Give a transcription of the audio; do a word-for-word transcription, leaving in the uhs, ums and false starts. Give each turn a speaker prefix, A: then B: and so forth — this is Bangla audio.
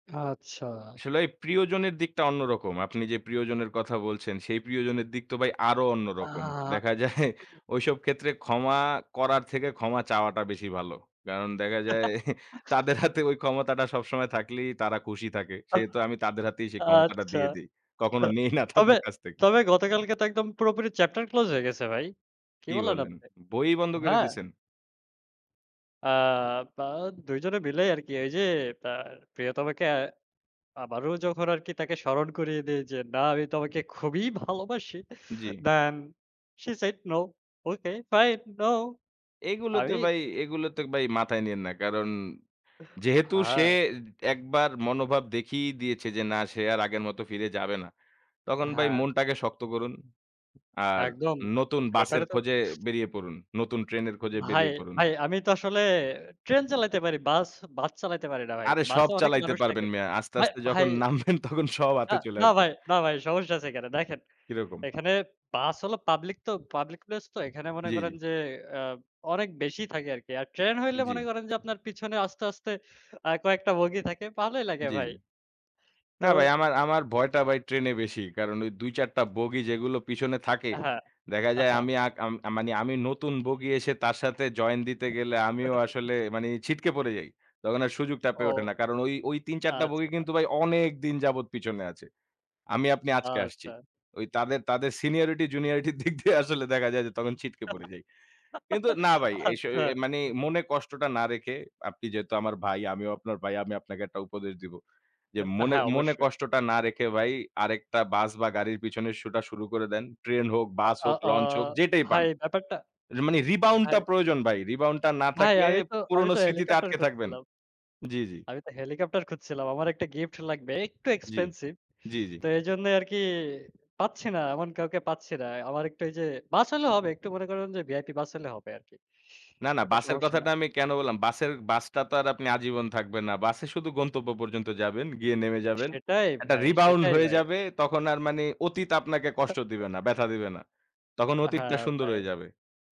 A: আচ্ছা।
B: আসলে এই প্রিয়জনের দিকটা অন্যরকম। আপনি যে, প্রিয়জনের কথা বলছেন সেই প্রিয়জনের দিক তো ভাই আরো অন্য রকম।
A: আহ!
B: দেখা যায় ঐসব ক্ষেত্রে ক্ষমা করার থেকে ক্ষমা চাওয়াটা বেশি ভালো। কারণ দেখা যায় তাদের হাতে ঐ ক্ষমতাটা সবসময় থাকলেই তারা খুশি থাকে।
A: আ
B: সেহেতু আমি তাদের হাতেই সেই ক্ষমতাটা
A: আচ্ছা।
B: দিয়ে দেই। কখনো নেই না
A: তবে,
B: তাদের কাছ থেকে।
A: তবে গতকালকে তো একদম পুরোপুরি চ্যাপ্টার ক্লোজ হয়ে গেছে ভাই। কি
B: কি
A: বললেন
B: বলেন
A: আপনি?
B: বই বন্ধ করে
A: হ্যাঁ।
B: দিছেন?
A: আ তা দুই জনে মিলেই আরকি এই যে [unintelligible] প্রিয়তমাকে আবারও যখন আরকি তাকে স্মরণ করিয়ে দেই যে, না আমি তোমাকে খুবই ভালোবাসি।
B: জি।
A: Done, she said no. Okay fine, no.
B: এগুলোতে
A: আমি
B: ভাই এগুলো তো ভাই মাথায় নিয়েন না। কারণ যেহেতু সে
A: হ্যাঁ।
B: একবার মনোভাব দেখিয়ে দিয়েছে যে, না, সে আর আগের মত ফিরে যাবে না। তখন ভাই
A: হ্যাঁ।
B: মনটাকে শক্ত করুন। আর
A: একদম
B: নতুন বাসের
A: ব্যাপারে তো
B: খোঁজে বেরিয়ে পড়ুন। নতুন ট্রেনের খোঁজে
A: ভাই,
B: বেরিয়ে পড়ুন।
A: ভাই আমি তো আসলে ট্রেন চালাইতে পারি। বাস, বাস চালাইতে পারি না ভাই।
B: আরে সব
A: বাসে অনেক
B: চালাইতে
A: মানুষ থাকে।
B: পারবেন মিয়া। আস্তে,
A: ভাই,
B: আস্তে
A: ভাই
B: যখন নামবেন তখন সব হাতে চলে
A: না
B: আসবে।
A: ভাই, না ভাই সমস্যা আছে কেন? দেখেন
B: কি রকম?
A: এখানে বাস হলো পাবলিক তো পাবলিক প্লেস তো এখানে মনে
B: জি, জি।
A: করেন যে, আ অনেক বেশি থাকে আরকি। আর ট্রেন হইলে মনে
B: জি।
A: করেন যে, আপনার পিছনে আস্তে, আস্তে আ কয়েকটা বগি থাকে। ভালোই লাগে
B: জি, জি।
A: ভাই। তো
B: না ভাই আমার, আমার ভয়টা ভাই ট্রেনে বেশি। কারণ ওই দুই চার টা বগি যেগুলো পিছনে থাকে
A: হ্যাঁ,
B: দেখা যায়,
A: আহা।
B: আমি আ মানে আমি নতুন বগি এসে তার সাথে জয়েন দিতে গেলে আমিও আসলে মানে ছিটকে পড়ে যাই। তখন আর সুযোগটা
A: ও!
B: পেয়ে ওঠে না। কারণ ওই, ওই তিন চার টা বগি
A: আচ্ছা।
B: কিন্তু ভাই অনেক দিন যাবৎ পিছনে আছে। আমি আপনি আজকে আসছি।
A: আচ্ছা।
B: ওই তাদের, তাদের সিনিয়রিটি জুনিয়রিটির দিক দিয়ে আসলে দেখা যায় যে, তখন ছিটকে পড়ে যাই। কিন্তু না ভাই, এই স
A: আচ্ছা।
B: মানে মনে কষ্টটা না রেখে আপনি যেহেতু আমার ভাই, আমিও আপনার ভাই আমি আপনাকে একটা উপদেশ দিব। যে, মনে,
A: হ্যাঁ,
B: মনে
A: অবশ্যই।
B: কষ্টটা না রেখে ভাই আরেকটা বাস বা গাড়ির পেছনের ছোটা শুরু করে দেন। ট্রেন হোক,
A: আ,
B: বাস
A: আ
B: হোক,
A: আ
B: লঞ্চ হোক যেটাই পান।
A: ভাই, ব্যাপারটা,
B: মানে রিবাউন্ড টা
A: ভাই
B: প্রয়োজন ভাই। রিবাউন্ড টা না
A: ভাই,
B: থাকলে
A: আমি তো আমি
B: পুরনো
A: তো
B: স্মৃতিতে
A: হেলিকপ্টার
B: আটকে থাকবেন।
A: খুজছিলাম।
B: জি, জি।
A: আমি তো হেলিকপ্টার খুঁজছিলাম। আমার একটা গিফট লাগবে। একটু
B: জি,
A: এক্সপেনসিভ।
B: জি, জি।
A: তো এজন্য আরকি পাচ্ছি না। এমন কাউকে পাচ্ছি না। আমার একটু এই যে, বাস হলেও হবে। একটু মনে করুন যে, ভিআইপি বাস হলে হবে আরকি।
B: না, না
A: এটা
B: বাসের
A: সমস্যা না।
B: কথাটা আমি কেন বললাম? বাসের বাসটা তো আর আপনি আজীবন থাকবেন না। বাসে শুধু গন্তব্য পর্যন্ত যাবেন গিয়ে নেমে যাবেন।
A: সেটাই
B: একটা
A: ভাই,
B: রিবাউন্ড
A: সেটাই
B: হয়ে
A: ভাই।
B: যাবে তখন আর মানে অতীত আপনাকে কষ্ট দিবে না, ব্যথা
A: [unintelligible]
B: দিবে না। তখন অতীতটা
A: হ্যাঁ,
B: সুন্দর
A: ভাই।
B: হয়ে যাবে।